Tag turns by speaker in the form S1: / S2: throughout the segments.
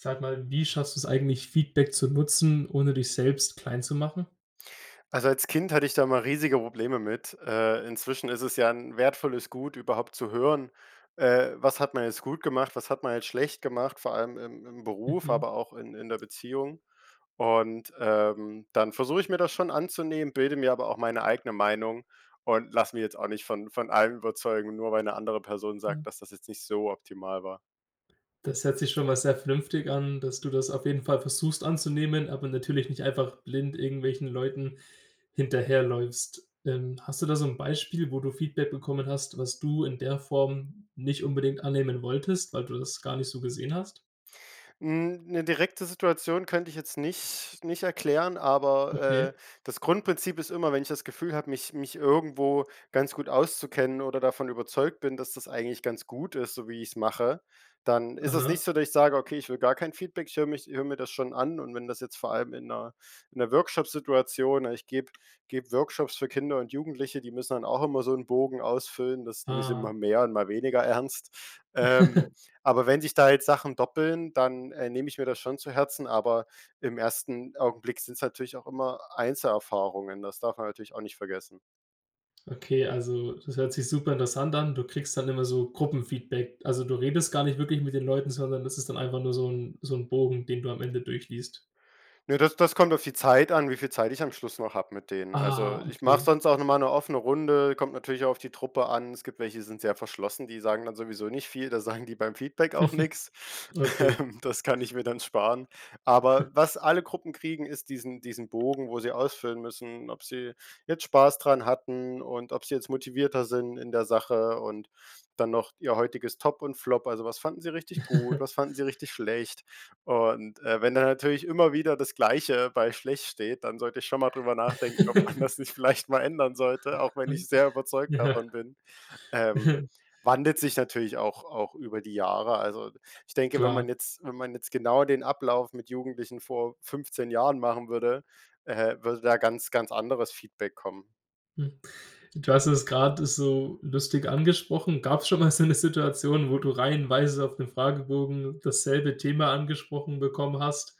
S1: Sag mal, wie schaffst du's eigentlich, Feedback zu nutzen, ohne dich selbst kleinzumachen?
S2: Also, als Kind hatte ich da immer riesige Probleme mit. Äh, inzwischen ist es, ja, 'n wertvolles Gut, überhaupt zu hören, äh: „Was hat man jetzt gut gemacht, was hat man jetzt schlecht gemacht“, vor allem im im Beruf,
S1: Mhm.
S2: aber auch in in der Beziehung. Und, ähm, dann versuche ich mir das schon anzunehmen, bilde mir aber auch meine eigene Meinung und lasse mich jetzt auch nicht von von allem überzeugen, nur weil 'ne andere Person
S1: Hm.
S2: sagt, „dass das jetzt nicht so optimal war“.
S1: Das hört sich schon mal sehr vernünftig an, dass du das auf jeden Fall versuchst anzunehmen, aber natürlich nicht einfach blind irgendwelchen Leuten hinterherläufst. Ähm, hast du da so 'n Beispiel, wo du Feedback bekommen hast, was du in der Form nicht unbedingt annehmen wolltest, weil du das gar nicht so gesehen hast?
S2: Hm, 'ne direkte Situation könnte ich jetzt nicht nicht erklären, aber,
S1: Okay.
S2: äh, das Grundprinzip ist immer, wenn ich das Gefühl habe, mich mich irgendwo ganz gut auszukennen oder davon überzeugt bin, dass das eigentlich ganz gut ist, so wie ich's mache, dann ist es nicht
S1: Aha.
S2: so, dass ich sage: „Okay, ich will gar kein Feedback“, ich höre mich höre mir das schon an und wenn das jetzt vor allem in 'ner in 'ner Workshop-Situation ich gebe gebe Workshops für Kinder und Jugendliche, die müssen dann auch immer so 'n Bogen ausfüllen, das nehmen sie mal
S1: Ah.
S2: mehr und mal weniger ernst. Ähm, aber wenn sich da jetzt Sachen doppeln, dann, äh, nehme ich mir das schon zu Herzen, aber im ersten Augenblick sind's natürlich auch immer Einzelerfahrungen, das darf man natürlich auch nicht vergessen.
S1: Okay, also das hört sich super interessant an. Du kriegst dann immer so Gruppen-Feedback. Also du redest gar nicht wirklich mit den Leuten, sondern das ist dann einfach nur so 'n so 'n Bogen, den du am Ende durchliest.
S2: Ne, das das kommt auf die Zeit an, wie viel Zeit ich am Schluss noch hab mit denen. Also,
S1: Ah,
S2: ich mache
S1: okay.
S2: sonst auch nochmal 'ne offene Runde, kommt natürlich auch auf die Truppe an. Es gibt welche, die sind sehr verschlossen, die sagen dann sowieso nicht viel, da sagen die beim Feedback auch nix.
S1: Okay.
S2: Ähm, das kann ich mir dann sparen. Aber was alle Gruppen kriegen, ist diesen diesen Bogen, wo sie ausfüllen müssen, ob sie jetzt Spaß dran hatten und ob sie jetzt motivierter sind in der Sache und dann noch ihr heutiges Top und Flop, also was fanden sie richtig gut, was fanden sie richtig schlecht. Und, äh, wenn da natürlich immer wieder das Gleiche bei schlecht steht, dann sollte ich schon mal drüber nachdenken, ob man das nicht vielleicht mal ändern sollte, auch wenn ich
S1: [unintelligible]
S2: sehr überzeugt
S1: Ja.
S2: davon bin. Ähm,
S1: Ja.
S2: wandelt sich natürlich auch auch über die Jahre. Also ich denke, wenn
S1: Klar.
S2: man jetzt wenn man jetzt genau den Ablauf mit Jugendlichen vor 15 Jahren machen würde, äh, würde da ganz, ganz anderes Feedback kommen.
S1: Hm, du hast es grad so lustig angesprochen. Gab's schon mal so 'ne Situation, wo du reihenweise auf den Fragebogen dasselbe Thema angesprochen bekommen hast?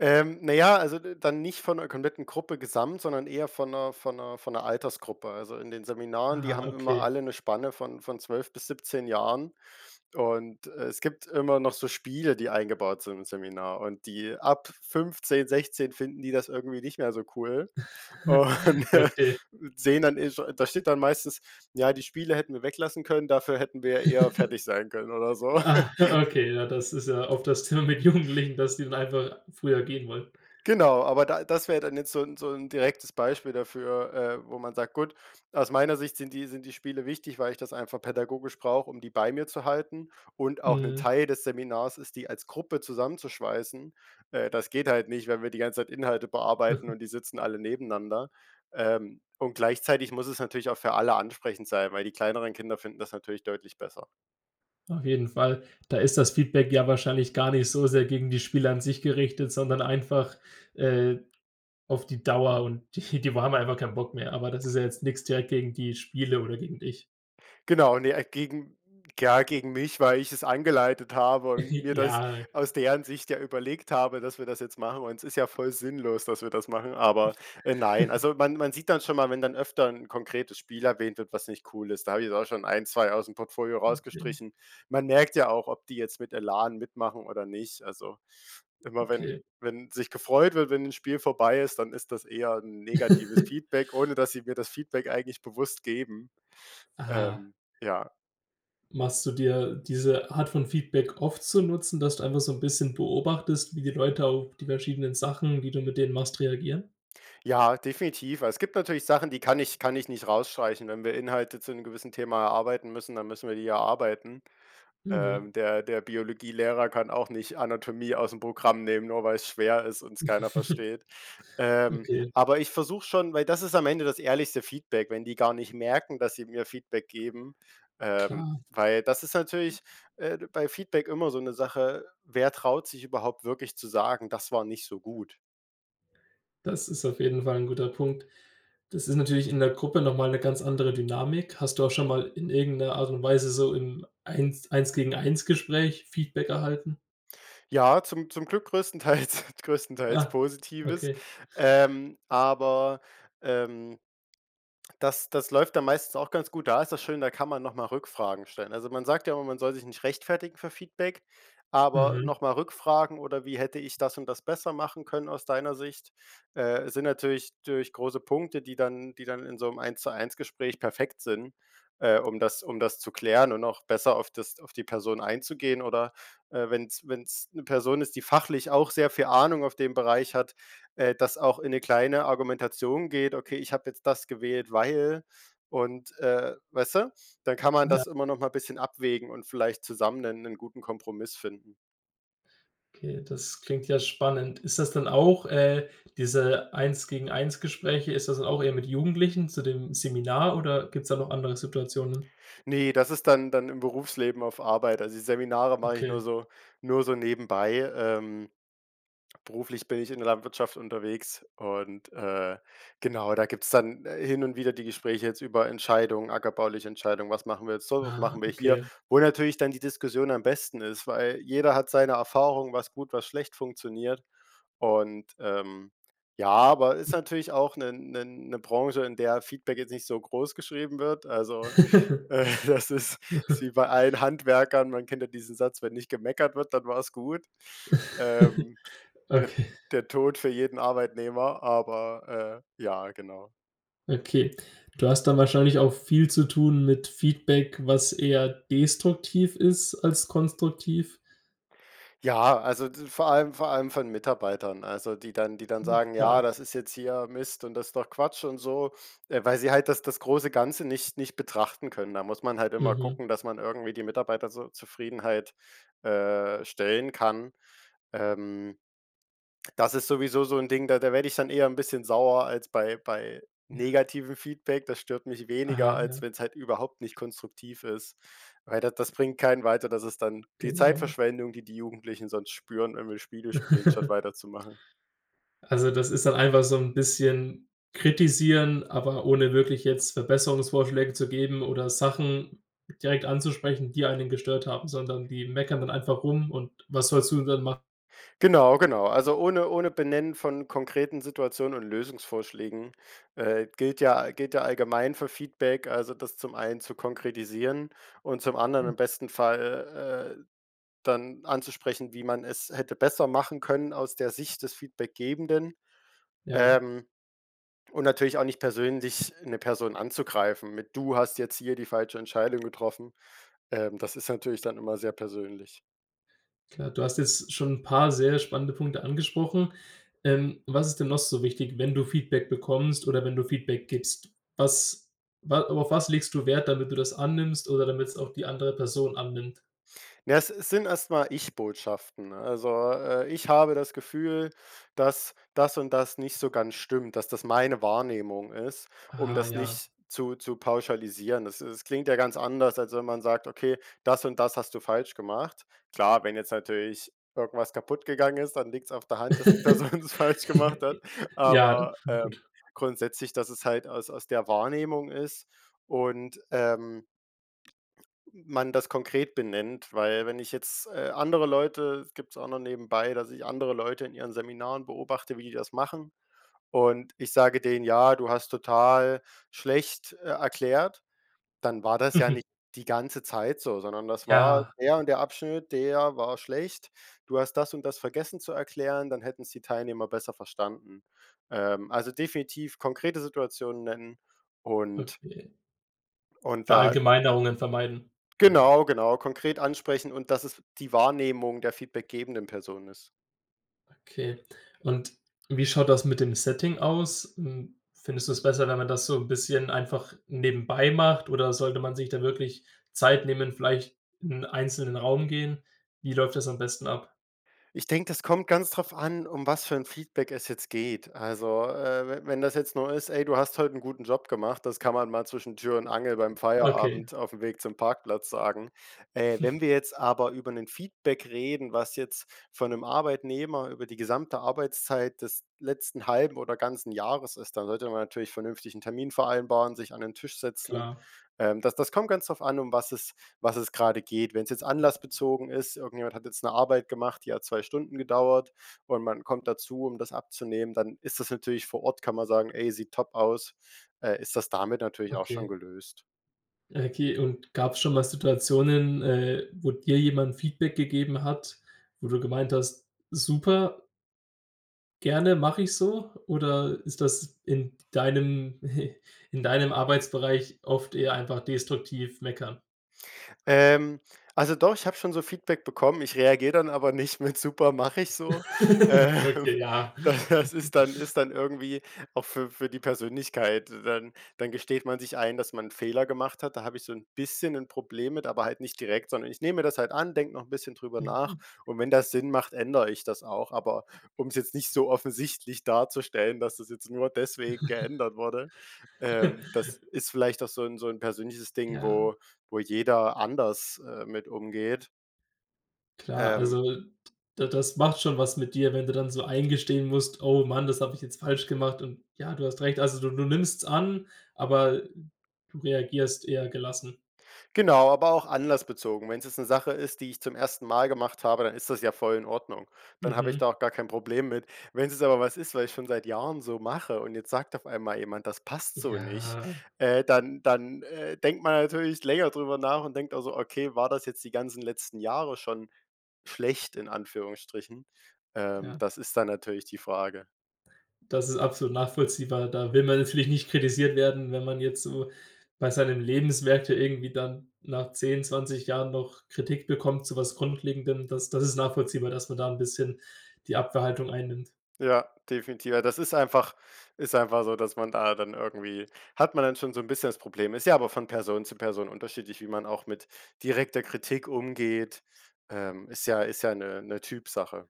S2: Ähm, naja, also d dann nicht von 'ner kompletten Gruppe gesamt, sondern eher von 'ner von 'ner von 'ner Altersgruppe. Also in den Seminaren, die
S1: Ah,
S2: haben immer
S1: okay.
S2: alle 'ne Spanne von von 12 bis 17 Jahren und, äh, es gibt immer noch so Spiele, die eingebaut sind im Seminar und die ab 15, 16 finden die das irgendwie nicht mehr so cool und
S1: Okay.
S2: sehen dann [unintelligible] da steht dann meistens: „Ja, die Spiele hätten wir weglassen können, dafür hätten wir eher fertig sein können“ oder so.
S1: Ah, okay, ja, das ist ja oft das Thema mit Jugendlichen, dass die dann einfach früher gehen wollen.
S2: Genau, aber da das wäre dann jetzt so 'n so 'n direktes Beispiel dafür, äh, wo man sagt, gut, aus meiner Sicht sind die sind die Spiele wichtig, weil ich das einfach pädagogisch brauche, um die bei mir zu halten und auch 'n
S1: Mhm.
S2: Teil des Seminars ist die als Gruppe zusammenzuschweißen. Äh, das geht halt nicht, wenn wir die ganze Zeit Inhalte bearbeiten und die sitzen alle nebeneinander. Ähm, und gleichzeitig muss es natürlich auch für alle ansprechend sein, weil die kleineren Kinder finden das natürlich deutlich besser.
S1: Auf jeden Fall, da ist das Feedback ja wahrscheinlich gar nicht so sehr gegen die Spieler an sich gerichtet, sondern einfach, äh, auf die Dauer und die die wa haben einfach keinen Bock mehr, aber das ist ja jetzt nix direkt gegen die Spiele oder gegen dich.
S2: Genau, ne, äh, gegen ja gegen mich, weil ich es eingeleitet habe und mir das
S1: Ja.
S2: aus deren Sicht ja überlegt habe, dass wir das jetzt machen, und es ist ja voll sinnlos, dass wir das machen, aber, äh, nein. Also man man sieht dann schon mal, wenn dann öfter 'n konkretes Spiel erwähnt wird, was nicht cool ist, da habe ich auch schon 1, 2 ausm Portfolio
S1: Okay.
S2: rausgestrichen. Man merkt ja auch, ob die jetzt mit Elan mitmachen oder nicht. Also, immer wenn
S1: Okay.
S2: wenn sich gefreut wird, wenn 'n Spiel vorbei ist, dann ist das eher 'n negatives Feedback, ohne dass sie mir das Feedback eigentlich bewusst geben,
S1: Ah.
S2: ähm, ja.
S1: Machst du dir diese Art von Feedback oft zu Nutzen, dass du einfach so 'n bisschen beobachtest, wie die Leute auf die verschiedenen Sachen, die du mit denen machst, reagieren?
S2: Ja, definitiv, weil es gibt natürlich Sachen, die kann ich kann ich nicht rausstreichen. Wenn wir Inhalte zu 'nem gewissen Thema erarbeiten müssen, dann müssen wir die erarbeiten.
S1: Mhm.
S2: Ähm, der der Biologielehrer kann auch nicht Anatomie ausm Programm nehmen, nur weil es schwer ist und es keiner versteht. Ähm,
S1: Okay.
S2: aber ich versuche schon weil das ist am Ende das ehrlichste Feedback, wenn die gar nicht merken, dass sie mir Feedback geben, ähm,
S1: Klar.
S2: weil das ist natürlich, äh, bei Feedback immer so 'ne Sache: Wer traut sich überhaupt wirklich zu sagen: „Das war nicht so gut“?
S1: Das ist auf jeden Fall 'n guter Punkt. Das ist natürlich in der Gruppe noch mal 'ne ganz andere Dynamik. Hast du auch schon mal in irgendeiner Art und Weise so im Eins Eins-zu-eins-Gespräch Feedback erhalten?
S2: Ja, zum zum Glück größtenteils größtenteils
S1: Ah,
S2: Positives,
S1: okay.
S2: ähm, aber, ähm das das läuft dann meistens auch ganz gut. Da ist das schön, da kann man noch mal Rückfragen stellen. Also, man sagt ja immer, man soll sich nicht rechtfertigen für Feedback, aber
S1: Mhm.
S2: noch mal Rückfragen oder wie hätte ich das und das besser machen können aus deiner Sicht, äh, sind natürlich natürlich große Punkte, die dann die dann in so 'nem Eins-zu-eins-Gespräch perfekt sind, äh, um das um das zu klären und auch besser auf das auf die Person einzugehen. Oder, äh, wenn's wenn's 'ne Person ist, die fachlich auch sehr viel Ahnung auf den Bereich hat, äh, das auch in 'ne kleine Argumentation geht: „Okay, ich habe jetzt das gewählt, weil“ und, äh, weißt du, dann kann man
S1: Ja.
S2: das immer noch mal 'n bisschen abwägen und vielleicht zusammen 'nen 'nen guten Kompromiss finden.
S1: Okay, das klingt ja spannend. Ist das dann auch, äh diese Eins-zu-eins-Gespräche, ist das dann auch eher mit Jugendlichen zu dem Seminar oder gibt's da noch andere Situationen?
S2: Ne, das ist dann dann im Berufsleben auf Arbeit. Also die Seminare mache ich
S1: Okay.
S2: nur so nur so nebenbei. Ähm, beruflich bin ich in der Landwirtschaft unterwegs und, äh, genau, da gibt's dann, äh, hin und wieder die Gespräche jetzt über Entscheidungen, ackerbauliche Entscheidung: „Was machen wir jetzt so, was
S1: Aha.
S2: machen wir hier.“,
S1: Okay.
S2: wo natürlich dann die Diskussion am besten ist, weil jeder hat seine Erfahrung, was gut, was schlecht funktioniert und, ähm, ja, aber ist natürlich auch 'ne 'ne 'ne Branche, in der Feedback jetzt nicht so großgeschrieben wird. Also, äh, das ist ist wie bei allen Handwerkern. Man kennt ja diesen Satz: „Wenn nicht gemeckert wird, dann war's gut.“ Ähm, de
S1: Okay.
S2: der Tod für jeden Arbeitnehmer, aber, äh, ja, genau.
S1: Okay. Du hast dann wahrscheinlich auch viel zu tun mit Feedback, was eher destruktiv ist als konstruktiv.
S2: Ja, also d vor allem vor allem von Mitarbeitern, also die dann die dann
S1: Mhm,
S2: sagen:
S1: klar.
S2: „Ja, das ist jetzt hier Mist und das doch Quatsch“ und so. Ah, weil sie halt das das große Ganze nicht nicht betrachten können. Da muss man halt immer
S1: Mhm.
S2: gucken, dass man irgendwie die Mitarbeiter zur Zufriedenheit, äh, stellen kann. Ähm, das ist sowieso so 'n Ding, da da werde ich dann eher 'n bisschen sauer als bei bei
S1: Ja.
S2: negativem Feedback. Das stört mich weniger,
S1: Aha,
S2: als
S1: ja.
S2: wenn's halt überhaupt nicht konstruktiv ist, weil da das bringt keinen weiter, das ist dann die
S1: Genau.
S2: Zeitverschwendung, die die Jugendlichen sonst spüren, wenn wir Spiele spielen, statt weiterzumachen.
S1: Also das ist dann einfach so 'n bisschen kritisieren, aber ohne wirklich jetzt Verbesserungsvorschläge zu geben oder Sachen direkt anzusprechen, die einen gestört haben. Sondern die meckern dann einfach rum und was sollst du dann mach
S2: Genau, genau, also ohne ohne Benennen von konkreten Situationen und Lösungsvorschlägen, äh, gilt, ja gilt, ja, allgemein für Feedback Also das zum einen zu konkretisieren und zum anderen
S1: Mhm.
S2: im besten Fall, äh, dann anzusprechen, wie man es hätte besser machen können aus der Sicht des Feedbackgebenden.
S1: Ja.
S2: Ähm, und natürlich auch nicht persönlich 'ne Person anzugreifen, mit: „Du hast jetzt hier die falsche Entscheidung getroffen.“ Ähm, das ist natürlich dann immer sehr persönlich.
S1: Klar, du hast jetzt schon 'n paar sehr spannende Punkte angesprochen. Ähm, was ist denn noch so wichtig, wenn du Feedback bekommst oder wenn du Feedback gibst? Was wa auf was legst du Wert, damit du das annimmst oder damit's auch die andere Person annimmt?
S2: Na, es es sind erst mal Ich-Botschaften. Also, äh: Ich habe das Gefühl, dass das und das nicht so ganz stimmt, dass das meine Wahrnehmung ist, um
S1: Ah
S2: das
S1: ja.
S2: nicht zu zu pauschalisieren. Das das klingt ja ganz anders, als wenn man sagt: „Okay, das und das hast du falsch gemacht.“ Klar, wenn jetzt natürlich irgendwas kaputt gegangen ist, dann liegt's auf der Hand, dass die Person das falsch gemacht hat.
S1: Ja,
S2: Aber, ähm,
S1: gut.
S2: grundsätzlich, dass es halt aus aus der Wahrnehmung ist und, ähm man das konkret benennt. Weil wenn ich jetzt, äh, andere Leute gibt's auch noch nebenbei, dass ich andere Leute in ihren Seminaren beobachte, wie die das machen und ich sage denen: „Ja, du hast total schlecht, äh, erklärt“, dann war das ja nicht die ganze Zeit so, sondern das war
S1: Ja.
S2: der und der Abschnitt, der war schlecht. Du hast das und das vergessen zu erklären, dann hätten's die Teilnehmer besser verstanden. Ähm also definitiv konkrete Situationen nennen und
S1: Okay.
S2: und da
S1: Verallgemeinerungen vermeiden.
S2: Genau, genau, konkret ansprechen und, dass es die Wahrnehmung der feedbackgebenden Person ist.
S1: Okay, und wie schaut das mit dem Setting aus? Hm, findest du es besser, wenn man das so 'n bisschen einfach nebenbei macht oder sollte man sich da wirklich Zeit nehmen, vielleicht in 'n einzelnen Raum gehen? Wie läuft das am besten ab?
S2: Ich denke, das kommt ganz drauf an, um was für 'n Feedback es jetzt geht. Also, äh, we wenn das jetzt nur ist: „Ey, du hast heute 'n guten Job gemacht“, das kann man mal zwischen Tür und Angel beim
S1: Okay.
S2: Feierabend aufm Weg zum Parkplatz sagen. Äh, wenn wir jetzt aber über 'nen Feedback reden, was jetzt von 'nem Arbeitnehmer über die gesamte Arbeitszeit des letzten halben oder ganzen Jahres ist, dann sollte man natürlich vernünftig 'n Termin vereinbaren, sich an den Tisch setzen.
S1: Klar.
S2: Ähm, das das kommt ganz drauf an, um was es was es grade geht. Wenn's jetzt anlassbezogen ist, irgendjemand hat jetzt 'ne Arbeit gemacht, die hat 2 Stunden gedauert und man kommt dazu, um das abzunehmen, dann ist das natürlich vor Ort kann man sagen: „Ey, sieht top aus.“ Äh, ist das damit natürlich auch schon
S1: Okay.
S2: gelöst.
S1: Ja, okay. Und gab's schon mal Situationen, äh, wo dir jemand Feedback gegeben hat, wo du gemeint hast: „Super gerne, mache ich so?“ Oder ist das in deinem in deinem Arbeitsbereich oft eher einfach destruktiv meckern?
S2: Ähm, also doch, ich habe schon so Feedback bekommen. Ich reagiere dann aber nicht mit: „Super mache ich so.“ Ähm,
S1: Okay, ja.
S2: da das ist dann ist dann irgendwie auch für für die Persönlichkeit. Dann dann gesteht man sich ein, dass man 'n Fehler gemacht hat. Da habe ich so 'n bisschen 'n Problem mit, aber halt nicht direkt, sondern ich nehme mir das halt an, denke noch 'n bisschen drüber nach
S1: Mhm.
S2: und wenn das Sinn macht, ändere ich das auch. Aber um's jetzt nicht so offensichtlich darzustellen, dass das jetzt nur deswegen geändert wurde. Ähm, das ist vielleicht auch so 'n so 'n persönliches Ding,
S1: Ja.
S2: wo wo jeder anders, äh, mit umgeht.
S1: Klar,
S2: Ähm.
S1: also d das macht schon was mit dir, wenn du dann so eingestehen musst: „Oh Mann, das habe ich jetzt falsch gemacht und, ja, du hast recht.“ Also, du du nimmst's an, aber du reagierst eher gelassen.
S2: Genau, aber auch anlassbezogen. Wenn's jetzt 'ne Sache ist, die ich zum 1. Mal gemacht habe, dann ist das ja voll in Ordnung. Dann habe ich da
S1: Mhm.
S2: auch gar kein Problem mit. Wenn's jetzt aber was ist, was ich schon seit Jahren so mache und jetzt sagt auf einmal jemand, das passt so nicht,
S1: Ja.
S2: äh, dann dann, äh, denkt man natürlich länger drüber nach und denkt also: „Okay, war das jetzt die ganzen letzten Jahre schon schlecht in Anführungsstrichen?“ Ähm,
S1: Ja.
S2: das ist dann natürlich die Frage.
S1: Das ist absolut nachvollziehbar. Da will man natürlich nicht kritisiert werden, wenn man jetzt so bei seinen Lebenswerke irgendwie dann nach 10, 20 Jahren noch Kritik bekommt zu was Grundlegendem. Das das ist nachvollziehbar, dass man da 'n bisschen die Abwerhaltung einnimmt.
S2: Ja, definitiv. Ja, das ist einfach ist einfach so, dass man da dann irgendwie hat man dann schon so 'n bisschen das Problem. Ist ja aber von Person zu Person unterschiedlich, wie man auch mit direkter Kritik umgeht, ähm, ist ja ist ja 'ne 'ne Typsache.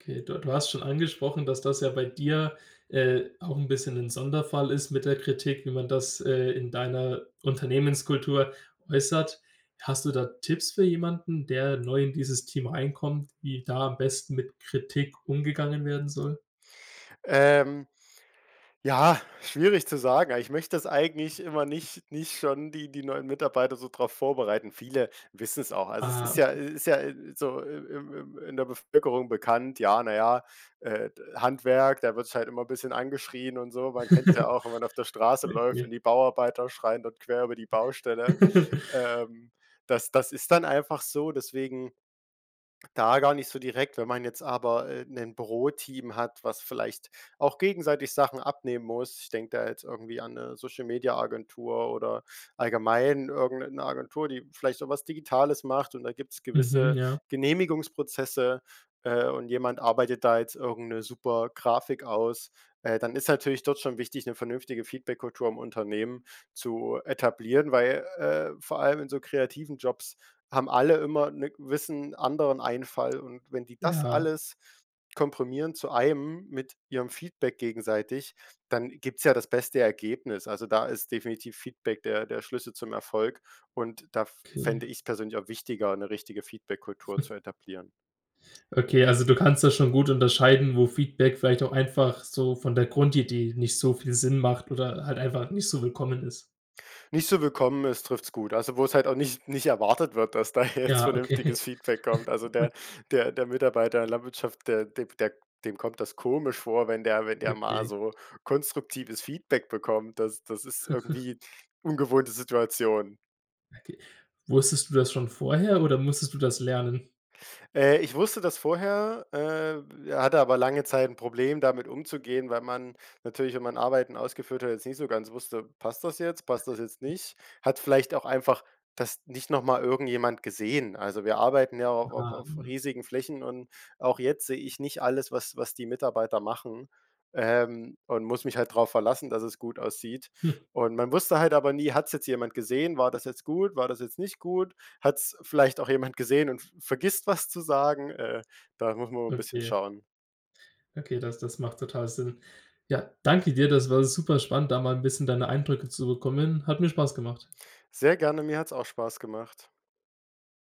S1: Okay, du du hast schon angesprochen, dass das ja bei dir, äh, auch 'n bisschen 'n Sonderfall ist mit der Kritik, wie man das, äh, in deiner Unternehmenskultur äußert. Hast du da Tipps für jemanden, der neu in dieses Team reinkommt, wie da am besten mit Kritik umgegangen werden soll?
S2: Ähm, ja, schwierig zu sagen, aber ich möchte das eigentlich immer nicht nicht schon die die neuen Mitarbeiter so drauf vorbereiten. Viele wissen's auch. Also es
S1: Ah,
S2: ist ja
S1: okay.
S2: i ist ja i i so im im im in der Bevölkerung bekannt, ja, na ja, äh, d Handwerk, da wird sich halt immer bisschen angeschrien und so. Man kennt's ja auch, wenn man auf der Straße läuft und
S1: Okay.
S2: die Bauarbeiter schreien dort quer über die Baustelle. Ähm, das das ist dann einfach so, deswegen da gar nicht so direkt, wenn man jetzt aber, äh, 'nen Büroteam hat, was vielleicht auch gegenseitig Sachen abnehmen muss. Ich denke da jetzt irgendwie an, 'ne Social-Media-Agentur oder allgemein irgend 'ne 'ne Agentur, die vielleicht so was Digitales macht und da gibt's
S1: Mhm,
S2: gewisse
S1: ja.
S2: Genehmigungsprozesse, äh, und jemand arbeitet da jetzt irgend 'ne super Grafik aus, äh, dann ist natürlich dort schon wichtig, 'ne vernünftige Feedbackkultur im Unternehmen zu etablieren, weil, äh, vor allem in so kreativen Jobs haben alle immer 'ne gewissen anderen Einfall und wenn die das
S1: Ja.
S2: alles komprimieren zu einem mit ihrem Feedback gegenseitig, dann gibt's ja das beste Ergebnis. Also, da ist definitiv Feedback der der Schlüssel zum Erfolg und da f
S1: Okay.
S2: fände ich's persönlich auch wichtiger, 'ne richtige Feedbackkultur zu etablieren.
S1: Okay, also du kannst das schon gut unterscheiden, wo Feedback vielleicht auch einfach so von der Grundidee nicht so viel Sinn macht oder halt einfach nicht so willkommen ist?
S2: Nicht zu willkommen ist, trifft's gut. Also wo's halt auch nicht nicht erwartet wird, dass da jetzt
S1: Ja, okay.
S2: vernünftiges Feedback kommt. Also der der der Mitarbeiter in der Landwirtschaft, der de b der dem kommt das komisch vor, wenn der wenn der mal
S1: Okay.
S2: so konstruktives Feedback bekommt. Das das ist irgendwie ungewohnte Situation.
S1: Okay. Wusstest du das schon vorher oder musstest du das lernen?
S2: Äh, ich wusste das vorher, äh, hatte aber lange Zeit 'n Problem, damit umzugehen, weil man natürlich, wenn man Arbeiten ausgeführt hat, jetzt nicht so ganz wusste: „Passt das jetzt, passt das jetzt nicht, hat vielleicht auch einfach das nicht noch mal irgendjemand gesehen?“ Also wir arbeiten ja auch au
S1: Ah,
S2: auf
S1: mhm.
S2: riesigen Flächen und auch jetzt sehe ich nicht alles, was was die Mitarbeiter machen, ähm, und muss mich halt drauf verlassen, dass es gut aussieht.
S1: Hm.
S2: Und man wusste halt aber nie: „Hat's jetzt jemand gesehen? War das jetzt gut? War das jetzt nicht gut? Hat's vielleicht auch jemand gesehen und v vergisst was zu sagen?“ Äh, da muss man immer 'n bisschen
S1: Okay.
S2: schauen.
S1: Okay, das das macht total Sinn. Ja, danke dir. Das war super spannend, da mal 'n bisschen deine Eindrücke zu bekommen. Hat mir Spaß gemacht.
S2: Sehr gerne, mir hat's auch Spaß gemacht.